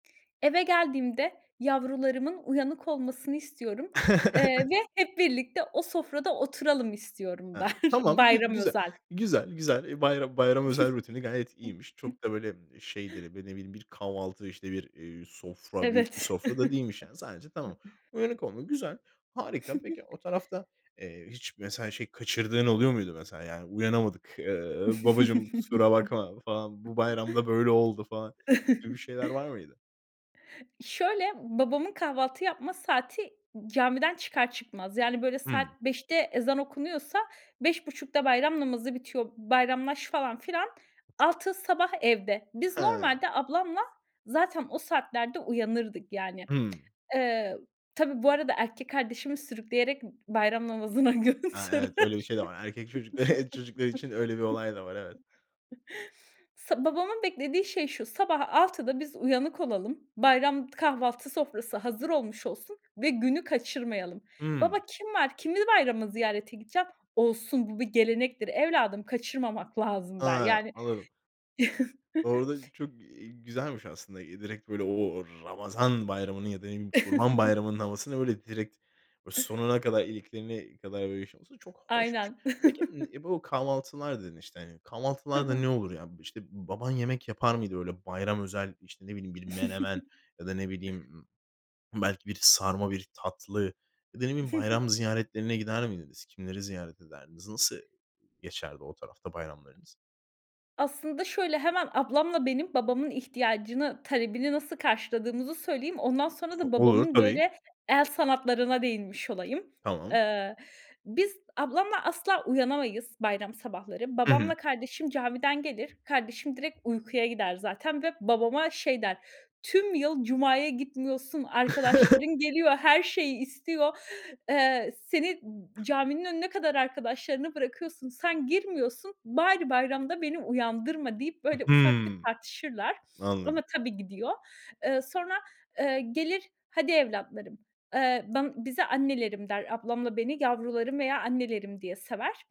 Eve geldiğimde yavrularımın uyanık olmasını istiyorum, eee, ve hep birlikte o sofrada oturalım istiyorum der. Aaa, tamam, gü Bayram güzel, özel. güzel, güzel. Bayra bayram özel rutini gayet iyiymiş. Çok da böyle, şeydir, b ne bileyim bir kahvaltı, işte bir, iii, sofra, büyük bir Evet. sofra da değilmiş yani. Sadece tamam. Uyanık olmak, güzel, harika. Peki, o tarafta, eee, hiç mesela, şey, kaçırdığın oluyor muydu mesela? Yani "Uyanamadık." eee, "Babacığım, kusura bakma." falan, "Bu bayram da böyle oldu." falan, gibi şeyler var mıydı? Şöyle, babamın kahvaltı yapma saati, camiden çıkar çıkmaz. Yani böyle saat Hımm. 05.00'te ezan okunuyorsa 05.30'da bayram namazı bitiyor, bayramlaş falan filan, 06.00 sabah, evde. Biz Ha. normalde, ablamla zaten o saatlerde uyanırdık, yani. Hımm. Eee, tabii bu arada, erkek kardeşimi sürükleyerek b bayram namazına Ha, evet, götürür. öyle bir şey de var. Erkek çocukları, eee, çocukları için öyle bir olay da var, evet. Sa babamın beklediği şey şu, sabah 06.00'da biz uyanık olalım, bayram kahvaltı sofrası hazır olmuş olsun ve günü kaçırmayalım. Baba, Hımm. kim var, kimi bayramda ziyarete gideceğim? "Olsun, bu bir gelenektir evladım, kaçırmamak lazım." der. Ha, Yani anladım. Orada çok, eee, güzelmiş aslında. Direkt böyle, o o Ramazan Bayramı'nın ya da ne bileyim Kurban Bayramı'nın havasını, böyle, direkt, o sonuna kadar, iliklerine kadar, böyle yaşaması çok hoşmuş. Aynen. Peki, ımm, e, bu kahvaltılar dedin, işte, hani, Hı kahvaltılarda hı. ne olur ya? B işte, baban yemek yapar mıydı? Öyle bayram özel, işte, ne bileyim, bir menemen, ya da, ne bileyim, ımm, belki bir sarma, bir tatlı ya da, ne bileyim, Hı hı. bayram ziyaretlerine gider miydiniz? Kimleri ziyaret ederdiniz? Nasıl geçerdi o tarafta bayramlarınız? Aslında şöyle, hemen ablamla benim, babamın ihtiyacını, talebini nasıl karşıladığımızı söyleyeyim, ondan sonra H da olur, babamın, tabii. böyle, el sanatlarına değinmiş olayım. Tamam. Eee, biz ablamla asla uyanamayız, bayram sabahları. Hı hı. Babamla kardeşim camiden gelir, kardeşim direkt uykuya gider zaten ve babama şey der: "Tüm yıl cumaya gitmiyorsun, arkadaşların geliyor, her şeyi istiyor, eee, seni n caminin önüne kadar arkadaşlarını bırakıyorsun, sen girmiyorsun, bari bayramda beni uyandırma!" deyip böyle ufak bir Hımm, tartışırlar. Ama anladım. tabii, gidiyor. Eee, sonra, eee, gelir, "hadi evlatlarım", eee, ban bize "annelerim" der, ablamla beni "yavrularım" veya "annelerim" diye sever.